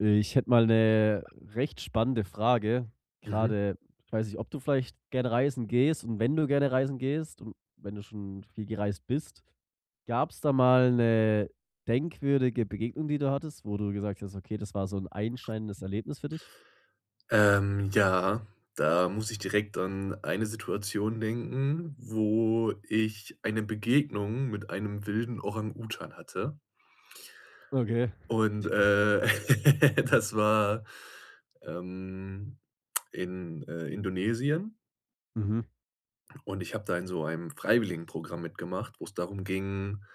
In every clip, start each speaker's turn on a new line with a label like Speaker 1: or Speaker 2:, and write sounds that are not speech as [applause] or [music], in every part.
Speaker 1: Ich hätte mal 'ne recht spannende Frage,
Speaker 2: Mhm.
Speaker 1: grade weiß nicht, ob du vielleicht gerne reisen gehst und wenn du gerne reisen gehst und wenn du schon viel gereist bist, gab es da mal 'ne denkwürdige Begegnung, die du hattest, wo du gesagt hast: Okay, das war so 'n einschneidendes Erlebnis für dich?
Speaker 2: Ähm. Ja, da muss ich direkt an eine Situation denken, wo ich eine Begegnung mit einem wilden Orang-Utan hatte.
Speaker 1: Okay.
Speaker 2: Und, äh, [laughs] das war, ähm, in, äh, Indonesien.
Speaker 1: Mhm.
Speaker 2: Und ich habe da in so einem Freiwilligenprogramm mitgemacht, wo es darum ging,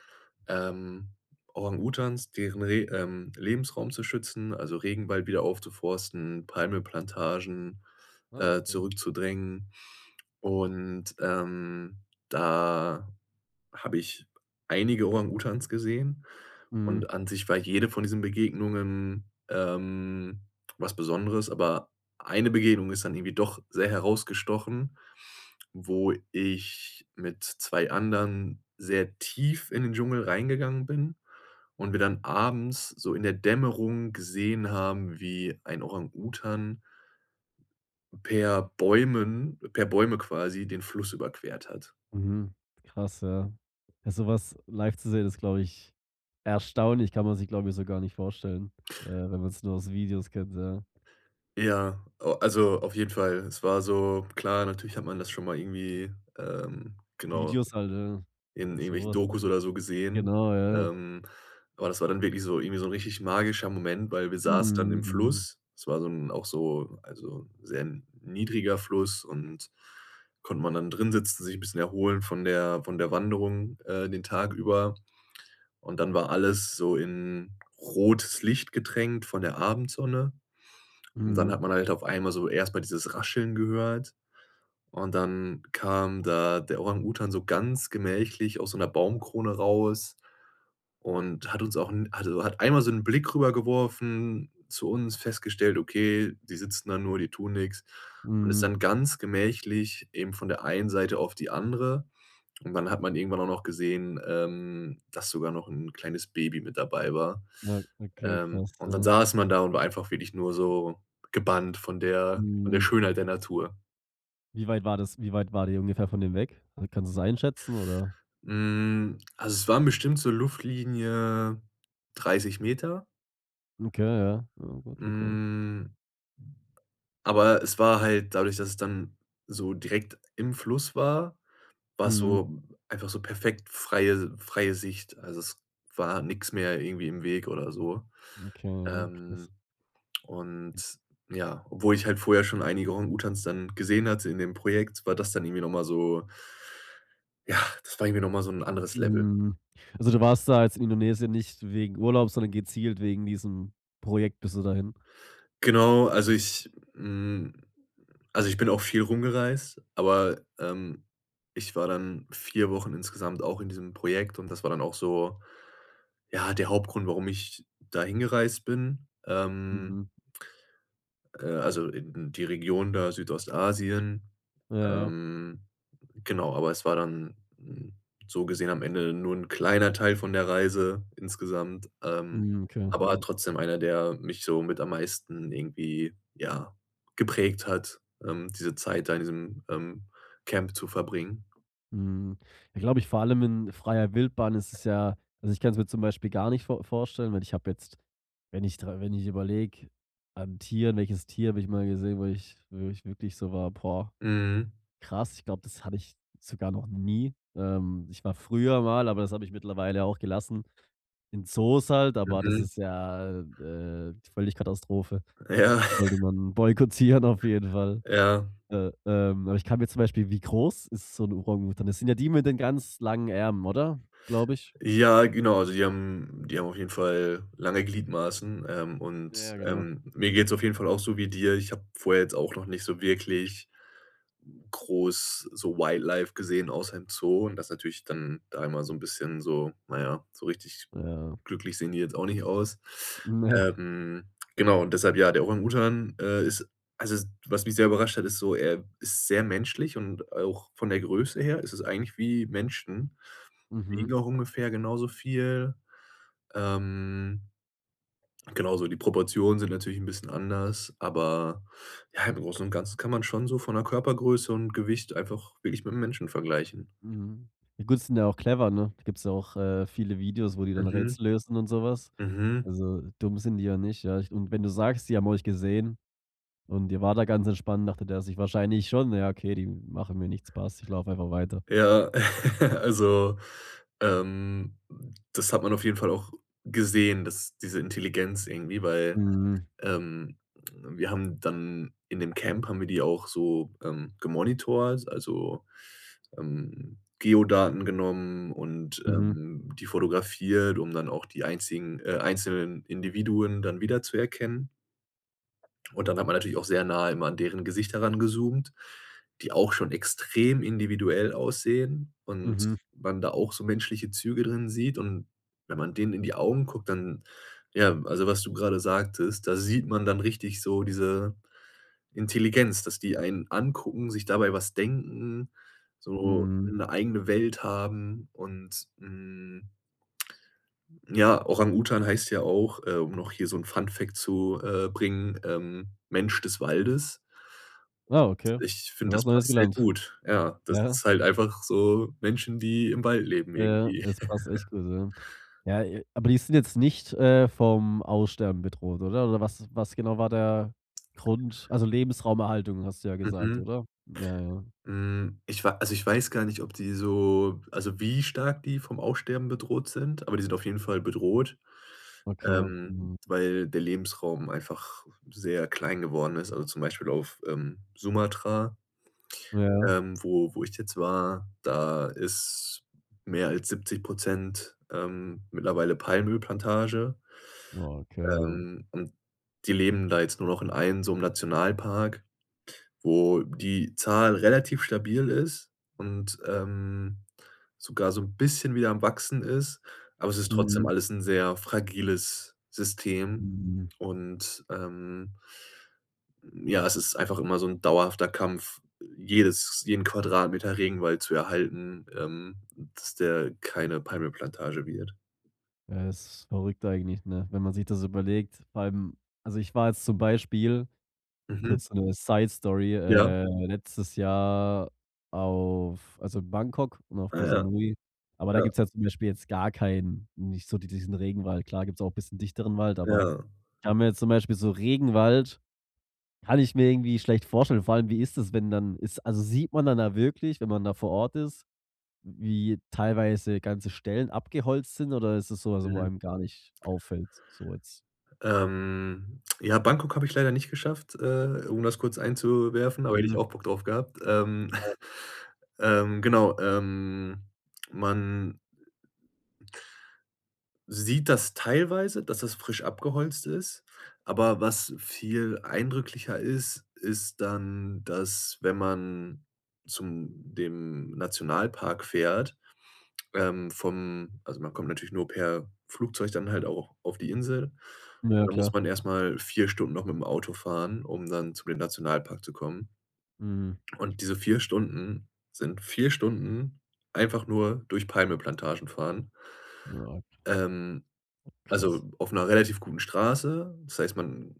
Speaker 2: ähm, Orang-Utans deren Re ähm, Lebensraum zu schützen, also, Regenwald wieder aufzuforsten, Palmölplantagen,
Speaker 1: Ah
Speaker 2: äh,
Speaker 1: okay.
Speaker 2: zurückzudrängen. Und, ähm, da habe ich einige Orang-Utans gesehen
Speaker 1: Mhm.
Speaker 2: und an sich war jede von diesen Begegnungen, ähm, was Besonderes, aber eine Begegnung ist dann irgendwie doch sehr herausgestochen, wo ich mit 2 anderen sehr tief in den Dschungel reingegangen bin und wir dann abends so in der Dämmerung gesehen haben, wie ein Orang-Utan per Bäumen per Bäume quasi, den Fluss überquert hat.
Speaker 1: Mhm. Krass, ja. Sowas live zu sehen ist, glaube ich, erstaunlich, kann man sich, glaube ich, so gar nicht vorstellen, äh, wenn man's nur aus Videos kennt, ja.
Speaker 2: Ja, a also, auf jeden Fall. Es war so, klar, natürlich hat man das schon mal irgendwie, ähm genau,
Speaker 1: Videos halt,
Speaker 2: in
Speaker 1: ja,
Speaker 2: irgendwelchen
Speaker 1: sowas
Speaker 2: Dokus
Speaker 1: halt.
Speaker 2: oder so gesehen,
Speaker 1: Genau, ja.
Speaker 2: ähm, aber das war dann wirklich so irgendwie so 'n richtig magischer Moment, weil wir saßen dann
Speaker 1: Mhm,
Speaker 2: im
Speaker 1: mhm.
Speaker 2: Fluss. Es war so 'n auch so also, sehr niedriger Fluss und konnte man dann drinsitzen, sich 'n bisschen erholen von der von der Wanderung, äh, den Tag über. Und dann war alles so in rotes Licht getränkt von der Abendsonne. Und dann
Speaker 1: Mhm.
Speaker 2: hat man halt auf einmal so erst mal dieses Rascheln gehört und dann kam da der Orang-Utan so ganz gemächlich aus so 'ner Baumkrone raus und hat uns auch 'n [unintelligible] hat einmal so 'nen Blick rüber geworfen zu uns, festgestellt, okay, die sitzen da nur, die tun nix. Und ist
Speaker 1: Mhm.
Speaker 2: dann ganz gemächlich eben von der einen Seite auf die andere. Und dann hat man irgendwann auch noch gesehen, ähm, dass sogar noch 'n kleines Baby mit dabei war.
Speaker 1: Ja, okay
Speaker 2: Ähm.
Speaker 1: krass,
Speaker 2: Und dann
Speaker 1: ja.
Speaker 2: saß man da und war einfach wirklich nur so gebannt von der von der
Speaker 1: Mhm.
Speaker 2: Schönheit der Natur.
Speaker 1: Wie weit war das wie weit wart ihr ungefähr von dem weg? Kannst du es einschätzen oder?
Speaker 2: Hm, also, es waren bestimmt so Luftlinie 30 Meter.
Speaker 1: Okay ja. Ah gut, okay.
Speaker 2: Hm. Aber es war halt dadurch, dass es dann so direkt im Fluss war, war es
Speaker 1: Mhm.
Speaker 2: so einfach so perfekt freie freie Sicht. Also, es war nix mehr irgendwie im Weg oder so.
Speaker 1: Okay ja, krass.
Speaker 2: Ähm, und, ja, obwohl ich halt vorher schon einige Orang-Utans dann gesehen hatte in dem Projekt, war das dann irgendwie noch mal so ja, das war irgendwie noch mal so 'n anderes Level.
Speaker 1: Hm. Also, du warst da als Indonesien nicht wegen Urlaub, sondern gezielt wegen diesem Projekt, bist du dahin?
Speaker 2: Genau, also, ich hm, also, ich bin auch viel rumgereist, aber, ähm, ich war dann 4 Wochen insgesamt auch in diesem Projekt und das war dann auch so, ja, der Hauptgrund, warum ich da hingereist bin, ähm
Speaker 1: Mhm.
Speaker 2: äh, also, in die Region da Südostasien
Speaker 1: Ja.
Speaker 2: ähm. Genau, aber es war dann 'n so gesehen am Ende nur 'n kleiner Teil von der Reise insgesamt, ähm,
Speaker 1: Mhm, okay
Speaker 2: aber
Speaker 1: mhm.
Speaker 2: trotzdem einer, der mich so mit am meisten irgendwie, ja, geprägt hat, ähm, diese Zeit da in diesem, ähm, Camp zu verbringen.
Speaker 1: Hm. Ich glaube, ich vor allem in freier Wildbahn ist es ja also, ich kann es mir zum Beispiel gar nicht vor vorstellen, weil ich hab jetzt wenn ich dr wenn ich überlege an Tieren, welches Tier habe ich mal gesehen, wo ich wo ich wirklich so war: „Boah,
Speaker 2: Mhm.
Speaker 1: krass.“ Ich glaube, das hatte ich sogar noch nie. Ähm, ich war früher mal- aber das habe ich mittlerweile auch gelassen- in Zoos halt, aber das
Speaker 2: Mhm.
Speaker 1: ist ja, äh, äh, völlig Katastrophe.
Speaker 2: Ja.
Speaker 1: Sollte
Speaker 2: [chuckles]
Speaker 1: man boykottieren auf jeden Fall.
Speaker 2: Ja.
Speaker 1: Äh, ähm, aber ich kann mir zum Beispiel wie groß ist so 'n Orang Utan? Das sind ja die mit den ganz langen Armen oder, glaube ich?
Speaker 2: Ja, genau, also, die haben die haben auf jeden Fall lange Gliedmaßen, ähm, und,
Speaker 1: Ja genau.
Speaker 2: ähm, mir geht's auf jeden Fall auch so wie dir. Ich habe vorher jetzt auch noch nicht so wirklich, groß so Wildlife gesehen, außer im Zoo und das natürlich dann da immer so 'n bisschen so, na ja, so richtig
Speaker 1: Ja.
Speaker 2: glücklich sehen die jetzt auch nicht aus.
Speaker 1: Ne.
Speaker 2: Ähm, genau und deshalb, ja, der Orang Utan, äh, ist also, was mich sehr überrascht hat, ist so, er ist sehr menschlich und auch von der Größe her ist es eigentlich wie Menschen,
Speaker 1: Mhm.
Speaker 2: wiegen auch ungefähr genauso viel. Ähm, genau, also, die Proportionen sind natürlich 'n bisschen anders, aber ja, im Großen und Ganzen kann man schon so von 'ner Körpergröße und Gewicht einfach wirklich mit dem Menschen vergleichen.
Speaker 1: Mhm. I gut, die sind ja auch clever, ne? Gibt's ja auch, äh, viele Videos, wo die dann
Speaker 2: Mhm.
Speaker 1: Rätsel lösen und so was.
Speaker 2: Mhm.
Speaker 1: Also, dumm sind die ja nicht, ja. Ich und wenn du sagst, die haben euch gesehen und ihr wart da ganz entspannt, dachte der sich wahrscheinlich schon: „Na ja, okay, die machen mir nichts passt. Ich lauf einfach weiter.“
Speaker 2: Ja, [laughs] also, ähm, das hat man auf jeden Fall auch gesehen, dass diese Intelligenz irgendwie, weil,
Speaker 1: Mhm.
Speaker 2: ähm, wir haben dann in dem Camp haben wir die auch so, ähm, gemonitort, also, ähm, Geodaten genommen und,
Speaker 1: Mhm.
Speaker 2: ähm, die fotografiert, um dann auch die einzigen äh, einzelnen Individuen dann wiederzuerkennen. Und dann hat man natürlich auch sehr nahe immer an deren Gesicht herangezoomt, die auch schon extrem individuell aussehen und
Speaker 1: Mhm.
Speaker 2: man da auch so menschliche Züge drin sieht. Und wenn man denen in die Augen guckt, dann ja, also was du gerade sagtest, da sieht man dann richtig so diese Intelligenz, dass die einen angucken, sich dabei was denken, so
Speaker 1: Mhm.
Speaker 2: 'ne eigene Welt haben und, hm, ja, Orang Utan heißt ja auch, äh, um noch hier so 'n Funfact zu, äh, bringen, ähm, „Mensch des Waldes.“
Speaker 1: Wow, okay,
Speaker 2: Ich
Speaker 1: wieder
Speaker 2: finde,
Speaker 1: was
Speaker 2: das
Speaker 1: Neues
Speaker 2: passt sehr
Speaker 1: gelernt.
Speaker 2: gut, ja. Das ist
Speaker 1: Ja.
Speaker 2: halt einfach so Menschen, die im Wald leben
Speaker 1: Ja,
Speaker 2: irgendwie.
Speaker 1: das passt echt
Speaker 2: [laughs]
Speaker 1: gut, ja. Ja, aber die sind jetzt nicht, äh, vom Aussterben bedroht oder oder was was genau war der Grund, also, Lebensraumerhaltung hast du ja gesagt,
Speaker 2: Mhm.
Speaker 1: oder? Ja, ja.
Speaker 2: Hm, ich wa also, ich weiß gar nicht, ob die so also, wie stark die vom Aussterben bedroht sind, aber die sind auf jeden Fall bedroht,
Speaker 1: Okay.
Speaker 2: ähm,
Speaker 1: Mhm.
Speaker 2: weil der Lebensraum einfach sehr klein geworden ist. Also, zum Beispiel auf, ähm, Sumatra
Speaker 1: Ja.
Speaker 2: ähm, wo wo ich jetzt war, da ist mehr als 70 % ähm, mittlerweile Palmölplantage.
Speaker 1: Okay, ja.
Speaker 2: Ähm, und die leben da jetzt nur noch in einem so 'nem Nationalpark, wo die Zahl relativ stabil ist und, ähm, sogar so 'n bisschen wieder am Wachsen ist, aber es ist trotzdem
Speaker 1: Mhm.
Speaker 2: alles 'n sehr fragiles System
Speaker 1: Mhm.
Speaker 2: und, ähm ja, es ist einfach immer so 'n dauerhafter Kampf, jedes jeden Quadratmeter Regenwald zu erhalten, ähm, dass der keine Palmölplantage wird.
Speaker 1: Ja, das ist verrückt eigentlich, ne, wenn man sich das überlegt beim also, ich war jetzt zum Beispiel-
Speaker 2: Mhm.
Speaker 1: kurz so 'ne Side Story-
Speaker 2: Ja.
Speaker 1: äh, letztes Jahr auf also, Bangkok und auf
Speaker 2: Ah
Speaker 1: Ko
Speaker 2: ja.
Speaker 1: Samui. Aber da
Speaker 2: Ja.
Speaker 1: gibt's ja jetzt zum Beispiel jetzt gar keinen nicht so d diesen Regenwald. Klar gibt's auch bisschen dichteren Wald, aber
Speaker 2: Ja.
Speaker 1: kann mir jetzt zum Beispiel so Regenwald kann ich mir irgendwie schlecht vorstellen. Vor allem wie ist es, wenn dann ist also, sieht man dann da wirklich, wenn man da vor Ort ist, wie teilweise ganze Stellen abgeholzt sind oder ist das so, also, wo
Speaker 2: Mhm.
Speaker 1: einem gar nicht auffällt so jetzt?
Speaker 2: Ähm, ja, Bangkok habe ich leider nicht geschafft, äh, um das kurz einzuwerfen, aber hätte ich
Speaker 1: Mhm.
Speaker 2: auch Bock drauf gehabt, ähm,
Speaker 1: Ja.
Speaker 2: [chuckles] ähm, genau ähm, man sieht das teilweise, dass das frisch abgeholzt ist. Aber was viel eindrücklicher ist, ist dann, dass wenn man zu dem Nationalpark fährt, ähm, vom also, man kommt natürlich nur per Flugzeug dann halt auch auf die Insel, und
Speaker 1: Ja
Speaker 2: dann muss
Speaker 1: klar.
Speaker 2: man erst mal 4 Stunden noch mit dem Auto fahren, um dann zu dem Nationalpark zu kommen.
Speaker 1: Mhm.
Speaker 2: Und diese 4 Stunden, sind 4 Stunden einfach nur durch Palmölplantagen fahren.
Speaker 1: Oha.
Speaker 2: Ähm,
Speaker 1: Krass.
Speaker 2: also, auf 'ner relativ guten Straße. Das heißt, man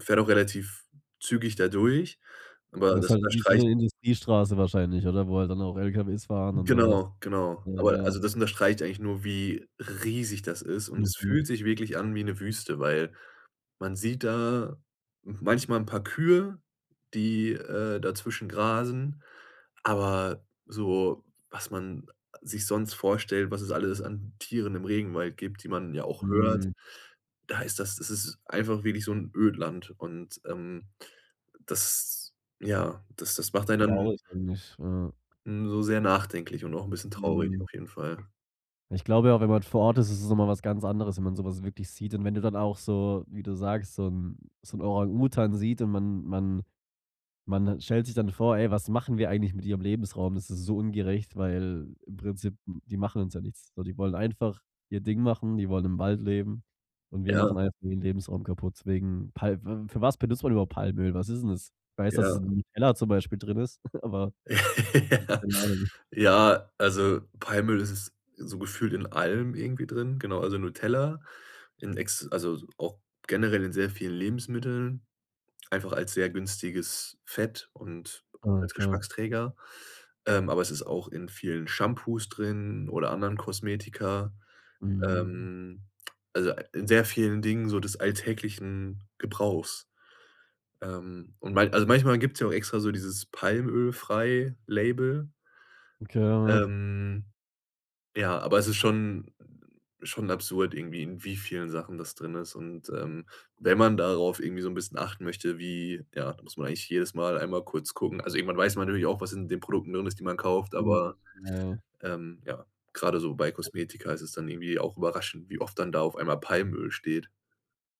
Speaker 2: fährt auch relativ zügig da durch, aber
Speaker 1: Das
Speaker 2: das
Speaker 1: halt wie so
Speaker 2: unterstreicht
Speaker 1: 'ne Industriestraße wahrscheinlich oder wo halt dann auch Lkws fahren und sowas?
Speaker 2: Genau, genau.
Speaker 1: Ja
Speaker 2: Aber
Speaker 1: ja.
Speaker 2: also, das unterstreicht eigentlich nur, wie riesig das ist und es
Speaker 1: Mhm.
Speaker 2: fühlt sich wirklich an wie 'ne Wüste, weil man sieht da manchmal 'n paar Kühe, die, äh, dazwischen grasen, aber so, was man sich sonst vorstellt, was es alles an Tieren im Regenwald gibt, die man ja auch hört,
Speaker 1: Mhm.
Speaker 2: da ist das es ist einfach wirklich so 'n Ödland. Und, ähm, das ja, das das macht einen dann
Speaker 1: Traurig, finde ich, ja.
Speaker 2: hm, so sehr nachdenklich und auch 'n bisschen traurig
Speaker 1: Mhm.
Speaker 2: auf jeden Fall.
Speaker 1: Ich glaube ja, wenn man vor Ort ist, ist es noch mal was ganz anderes, wenn man sowas wirklich sieht und wenn du dann auch, so wie du sagst so 'n so 'n Orang-Utan sieht und man man man stellt sich dann vor: Ey, was machen wir eigentlich mit ihrem Lebensraum? Das ist so ungerecht, weil im Prinzip die machen uns ja nichts, so die wollen einfach ihr Ding machen, die wollen im Wald leben und wir
Speaker 2: Ja.
Speaker 1: machen einfach den Lebensraum kaputt wegen Pal fü für was benutzt man überhaupt Palmöl? Was ist denn das, weiß dass es
Speaker 2: Ja.
Speaker 1: in Nutella zum Beispiel drin ist, [chuckles] aber
Speaker 2: [laughs] Ja.
Speaker 1: Keine Ahnung.
Speaker 2: Ja, also, Palmöl, das ist so gefühlt in allem irgendwie drin, genau, also, Nutella, in ex also, auch generell in sehr vielen Lebensmitteln, einfach als sehr günstiges Fett und als
Speaker 1: Okay.
Speaker 2: Geschmacksträger, ähm, aber es ist auch in vielen Shampoos drin oder anderen Kosmetika,
Speaker 1: Mhm.
Speaker 2: ähm, also, a in sehr vielen Dingen so des alltäglichen Gebrauchs. Ähm, und mal also, manchmal gibt's ja auch extra so dieses „Palmölfrei“ Label.
Speaker 1: Okay. Ja.
Speaker 2: Ähm, ja, aber es ist schon schon absurd irgendwie, in wie vielen Sachen das drin ist. Und, ähm, wenn man darauf irgendwie so 'n bisschen achten möchte, wie ja, da muss man eigentlich jedes Mal einmal kurz gucken. Also, irgendwann weiß man nämlich auch, was in den Produkten drin ist, die man kauft,
Speaker 1: Mhm,
Speaker 2: aber,
Speaker 1: ja.
Speaker 2: ähm, ja, gerade so bei Kosmetika ist es dann irgendwie auch überraschend, wie oft dann da auf einmal „Palmöl“ steht.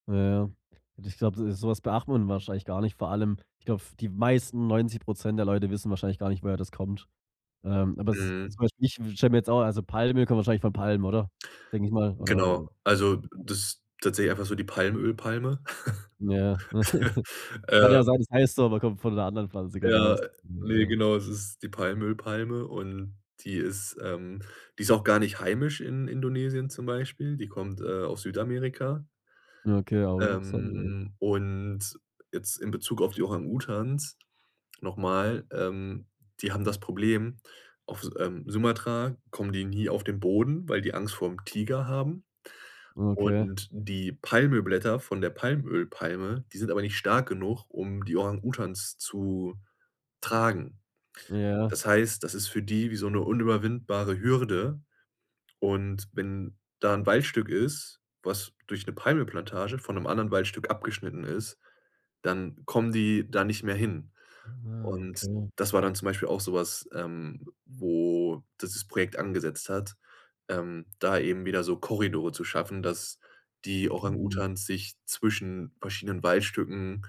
Speaker 1: Ja, ja und ich glaube, de so was beachtet wahrscheinlich gar nicht, vor allem, ich glaube, f die meisten 90 % der Leute wissen wahrscheinlich gar nicht, woher das kommt. Ähm, aber es
Speaker 2: Mhm.
Speaker 1: zum Beispiel, ich stelle mir jetzt auch also, Palmöl kommen wahrscheinlich von Palmen, oder? Denke ich mal, oder,
Speaker 2: Genau, also,
Speaker 1: äh?
Speaker 2: das tatsächlich einfach so die Palmöl-Palme.
Speaker 1: Ja.
Speaker 2: [laughs]
Speaker 1: [giggles] Kann ja sein,
Speaker 2: Ähm.
Speaker 1: das heißt so, aber kommt von 'ner anderen Pflanze. Kann ja auch
Speaker 2: Ja,
Speaker 1: s
Speaker 2: ne,
Speaker 1: ne?
Speaker 2: genau, das ist die Palmöl-Palme und die ist ähm, die ist auch gar nicht heimisch in Indonesien zum Beispiel. Die kommt, äh, aus Südamerika.
Speaker 1: Okay, aber interessant, ne?
Speaker 2: Ähm, und jetzt in Bezug auf die Orang-Utans noch mal, ähm, die haben das Problem, auf S ähm, Sumatra kommen die nie auf den Boden, weil die Angst vorm Tiger haben.
Speaker 1: Okay.
Speaker 2: Und die Palmölblätter von der Palmölpalme, die sind aber nicht stark genug, um die Orang-Utans zu tragen.
Speaker 1: Ja.
Speaker 2: Das heißt, das ist für die wie so 'ne unüberwindbare Hürde. Und wenn da 'n Waldstück ist, was durch 'ne Palmölplantage von 'nem anderen Waldstück abgeschnitten ist, dann kommen die da nicht mehr hin.
Speaker 1: Ah,
Speaker 2: Und
Speaker 1: okay.
Speaker 2: das war dann zum Beispiel auch so was, ähm, wo das das Projekt angesetzt hat, ähm, da eben wieder so Korridore zu schaffen, dass die
Speaker 1: Mhm.
Speaker 2: Orang-Utans sich zwischen verschiedenen Waldstücken,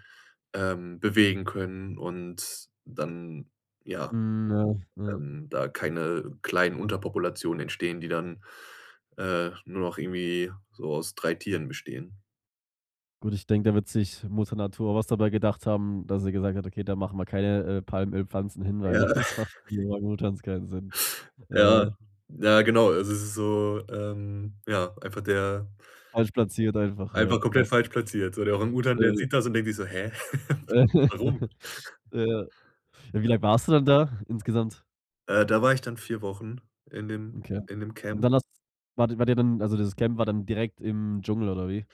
Speaker 2: ähm, bewegen können und dann, ja,
Speaker 1: Mhm, ja. Ja.
Speaker 2: ähm, da keine kleinen Unterpopulationen entstehen, die dann, äh, nur noch irgendwie so aus 3 Tieren bestehen.
Speaker 1: Gut, ich denke, da wird sich Mutter Natur was dabei gedacht haben, dass sie gesagt hat: „Okay, da machen wir keine, äh, Palmölpflanzen hin,
Speaker 2: Ja.
Speaker 1: weil [chuckles] das macht
Speaker 2: [chuckles]
Speaker 1: für die Orang-Utans keinen Sinn.“
Speaker 2: Ja,
Speaker 1: Äh.
Speaker 2: ja, genau. Also es ist so, ähm, ja, einfach der
Speaker 1: Falsch platziert einfach, ja.
Speaker 2: einfach komplett
Speaker 1: Passt.
Speaker 2: falsch platziert, so der Orang-Utan, der
Speaker 1: Äh.
Speaker 2: sieht das und denkt sich so, hä? [chuckles] Warum?
Speaker 1: [chuckles] Ja. Wie
Speaker 2: Ja.
Speaker 1: lang warst du dann da insgesamt?
Speaker 2: Äh, da war ich dann 4 Wochen in dem
Speaker 1: Okay.
Speaker 2: in dem
Speaker 1: Und
Speaker 2: Camp.
Speaker 1: dann hast wart ihr wart ihr dann also, dieses Camp war dann direkt im Dschungel oder wie?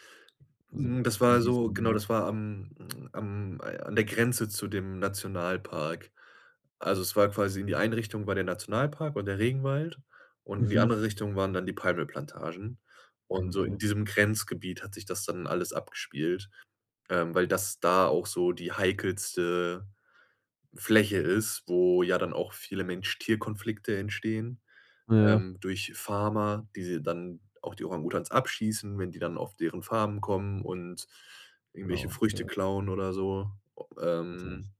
Speaker 1: Also,
Speaker 2: Mhm, das
Speaker 1: in
Speaker 2: war so genau,
Speaker 1: diesem
Speaker 2: das war am am an der Grenze zu dem Nationalpark. Also, es war quasi, in die Einrichtung war der Nationalpark und der Regenwald und in die
Speaker 1: Mhm.
Speaker 2: andere Richtung waren dann die Palmölplantagen. Und
Speaker 1: Mhm,
Speaker 2: so in
Speaker 1: okay.
Speaker 2: diesem Grenzgebiet hat sich das dann alles abgespielt, ähm, weil das da auch so die heikelste Fläche ist, wo ja dann auch viele Mensch-Tier-Konflikte entstehen,
Speaker 1: Ja.
Speaker 2: ähm, durch Farmer, die sie dann auch die Orang-Utans abschießen, wenn die dann auf deren Farmen kommen und
Speaker 1: Ah,
Speaker 2: irgendwelche Früchte
Speaker 1: okay.
Speaker 2: klauen oder so.
Speaker 1: Ganz ehrlich.
Speaker 2: Ähm.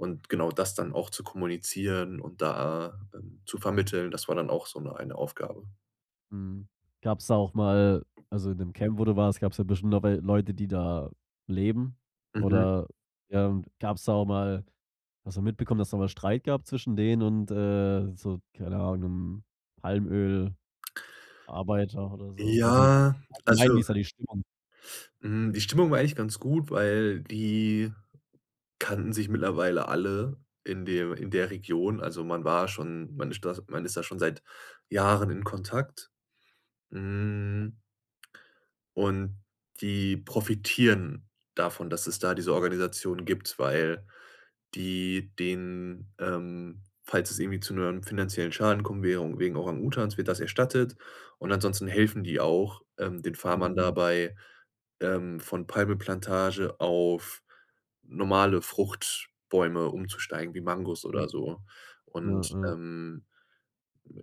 Speaker 2: Und genau das dann auch zu kommunizieren und da dann zu vermitteln, das war dann auch so' ne eine Aufgabe.
Speaker 1: Mhm. Gab's da auch mal also in dem Camp wo du warst, gab‘s ja bestimmt auch wel Leute die da leben?
Speaker 2: Mhm.
Speaker 1: Oder ja, und gab‘s da auch mal hast du mitbekommen dass da mal Streit gab zwischen denen und, äh, so, keine Ahnung, Palmöl-Arbeiter oder so? Also,
Speaker 2: Ja,
Speaker 1: allgemein, wie
Speaker 2: also
Speaker 1: ist da die Stimmung?
Speaker 2: Hm, die Stimmung war eigentlich ganz gut, weil die kannten sich mittlerweile alle in de in der Region. Also, man war schon man stas man ist da schon seit Jahren in Kontakt. Hm und die profitieren davon, dass es da diese Organisation gibt, weil die denen ähm, falls es irgendwie zu ‘nem finanziellen Schaden kommen wäre, wegen Orang Utans, wird das erstattet. Und ansonsten helfen die auch, ähm, den Farmern
Speaker 1: Mhm.
Speaker 2: dabei, ähm, von Palmöl-Plantage auf normale Fruchtbäume umzusteigen, wie Mangos oder so.
Speaker 1: [unintelligible] Ja,
Speaker 2: Und,
Speaker 1: ja.
Speaker 2: ähm,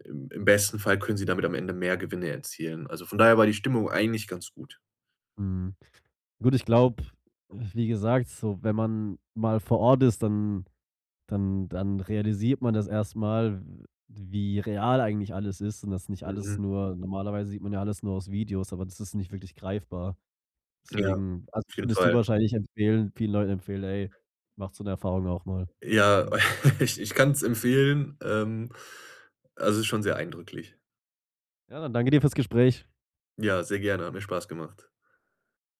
Speaker 2: im im besten Fall können sie damit am Ende mehr Gewinne erzielen, also von daher war die Stimmung eigentlich ganz gut.
Speaker 1: Mhm. Würde ich glaube wie gesagt, so wenn man mal vor Ort ist, dann dann dann realisiert man das erst mal, w wie real eigentlich alles ist und das nicht alles
Speaker 2: Mhm.
Speaker 1: nur normalerweise sieht man ja alles nur aus Videos, aber das ist nicht wirklich greifbar.
Speaker 2: Ja,
Speaker 1: Deswegen also
Speaker 2: auf jeden
Speaker 1: findest du
Speaker 2: Fall.
Speaker 1: wahrscheinlich empfehlen vielen Leuten empfehlen: „Ey, macht so ‘ne Erfahrung auch mal“,
Speaker 2: Ja,
Speaker 1: denke ich m
Speaker 2: [laughs] ich ich kann's empfehlen, ähm also ist schon sehr eindrücklich.
Speaker 1: Ja, dann danke dir für‘s Gespräch.
Speaker 2: Ja, sehr gerne, hat mir Spaß gemacht.